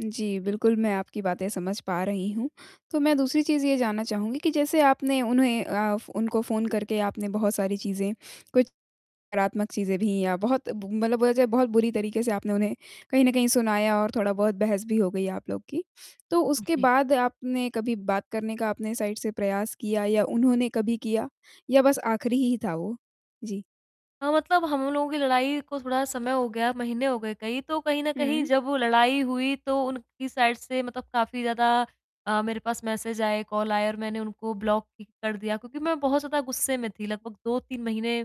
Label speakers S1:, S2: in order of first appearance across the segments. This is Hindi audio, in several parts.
S1: जी, बिल्कुल मैं आपकी बातें समझ पा रही हूँ, तो मैं दूसरी चीज़ ये जानना चाहूँगी कि जैसे आपने उन्हें अ, उनको फ़ोन करके आपने बहुत सारी चीजें कुछ नकारात्मक चीजें भी या बहुत मतलब बोला जाए बहुत बुरी तरीके से आपने उन्हें कहीं न कहीं सुनाया और थोड़ा बहुत बहस भी हो गई आप लोग की। तो उसके
S2: जी।
S1: बाद आपने कभी बात करने का आपने साइड से प्रयास किया या उन्होंने कभी किया? या बस आखिरी ही था वो? जी।
S2: हाँ, मतलब हम लोगों की लड़ाई को थोड़ा समय हो गया, महीने हो गए कई, तो कहीं न कहीं
S1: हुँ।
S2: जब वो लड़ाई हुई तो उनकी साइड से मतलब काफ़ी ज़्यादा अ, मेरे पास मैसेज आए, कॉल आए और मैंने उनको ब्लॉक कर दिया क्योंकि मैं बहुत ज़्यादा गुस्से में थी, लगभग 2-3 महीने,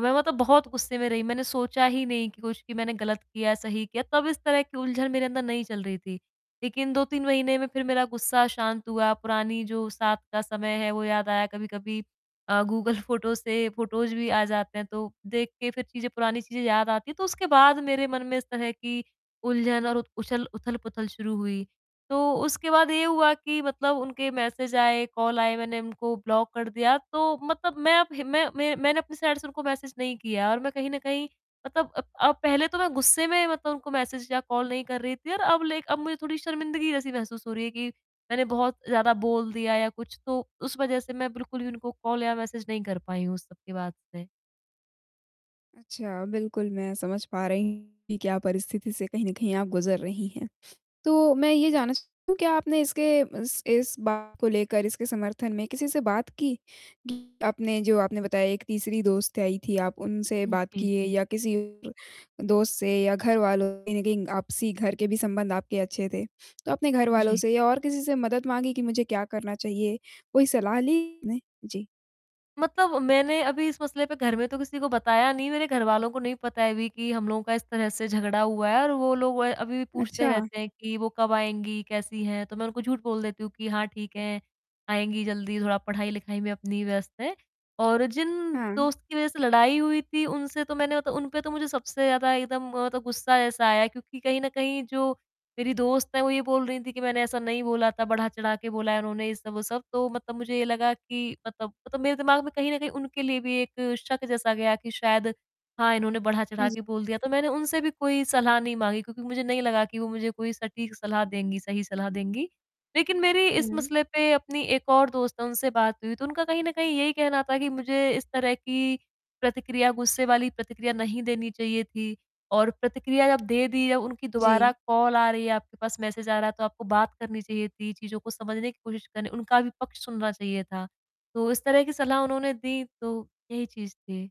S2: मैं बहुत गुस्से में रही। मैंने सोचा ही नहीं कि कुछ मैंने गलत किया, सही किया, तब इस तरह की उलझन मेरे अंदर नहीं चल रही थी। लेकिन 2-3 महीने में फिर मेरा गुस्सा शांत हुआ, पुरानी जो साथ का समय है, वो याद आया। कभी-कभी अ, गूगल फोटोज़ से फोटोज़ भी आ जाते हैं, तो देख के फिर पुरानी चीजें याद आती हैं, तो उसके बाद मेरे मन में इस तरह की उलझन और उ-उछल उथल-पुथल शुरू हुई। तो उसके बाद ये हुआ कि मतलब उनके मैसेज आए, कॉल आए। मैंने उनको ब्लॉक कर दिया, तो मतलब मैं अब हिम मैं मैं मैंने अपनी साइड से उनको मैसेज नहीं किया और मैं कहीं न कहीं मतलब अ, पहले तो मैं गुस्से में मतलब उनको मैसेज या कॉल नहीं कर रही थी और अब ले अब मुझे थोड़ी शर्मिंदगी जैसी महसूस हो रही है कि मैंने बहुत ज़्यादा बोल दिया या कुछ तो उस वजह से मैं बिल्कुल ही उनको कॉल या मैसेज नहीं कर पाई हूँ उस सब के बाद से।
S1: अच्छा, बिल्कुल मैं समझ पा रही हूँ कि क्या परिस्थिति से कहीं न कहीं आप गुज़र रही हैं। तो मैं ये जानना चाह क्या आपने इसके इस इस बात को लेकर इसके समर्थन में किसी से बात की? कि आपने जो आपने बताया एक तीसरी दोस्त आई थी, आप उनसे
S2: हुँ,
S1: बात
S2: जी,
S1: किए
S2: जी।
S1: या किसी दोस्त से? या घरवालों कहीं न कहीं आपसी घर के भी संबंध आपके अच्छे थे। तो अपने घरवालों
S2: जी।
S1: से या और किसी से मदद माँगी कि मुझे क्या करना चाहिए? कोई सलाह ली नहीं? जी।
S2: मतलब मैंने अभी इस मसले पे, घर में तो किसी को बताया नहीं। मेरे घरवालों को नहीं पता है अभी कि हम लोगों का इस तरह से झगड़ा हुआ है और वो लोग व अभी भी पूछते
S1: अच्छा।
S2: रहते हैं कि, "वो कब आएँगी? कैसी हैं?" तो मैं उनको झूठ बोल देती हूँ कि, "हाँ, ठीक हैं, आएँगी जल्दी। थोड़ा पढ़ाई-लिखाई में अपनी व्यस्त हैं" और जिन
S1: हाँ।
S2: दोस्त की वजह से लड़ाई हुई थी, उनसे तो मैंने त उन पे तो मुझे सबसे ज़्यादा एकदम मतलब गुस्सा ऐसा आया क्योंकि कहीं न कहीं जो मेरी दोस्त है, वो ये बोल रही थी कि, "मैंने ऐसा नहीं बोला था, बढ़ा-चढ़ा के बोला है, उन्होंने ये सब, वो सब," तो मतलब मुझे ये लगा कि मतलब, मतलब मेरे दिमाग में कहीं न कहीं उनके लिए भी एक शक जैसा गया कि शायद हाँ, इन्होंने बढ़ा-चढ़ा
S1: जी।
S2: के बोल दिया, तो मैंने उनसे भी कोई सलाह नहीं माँगी क्योंकि मुझे नहीं लगा कि वो मुझे कोई सटीक सलाह देंगी, सही सलाह देंगी। लेकिन मेरी इस
S1: हुँ।
S2: मसले पे अपनी एक और दोस्त है उनसे बात हुई तो उनका कहीं न कहीं यही कहना था कि मुझे इस तरह की प्रतिक्रिया, गुस्से वाली प्रतिक्रिया नहीं देनी चाहिए थी और प्रतिक्रिया जब दे दी या उनकी दोबारा
S1: जी।
S2: कॉल आ रही है, आपके पास मैसेज आ रहा है, तो आपको बात करनी चाहिए थी, चीज़ों को समझने की कोशिश करनी उनका भी पक्ष सुनना चाहिए था। तो इस तरह की सलाह उन्होंने दी, तो यही चीज़ थी।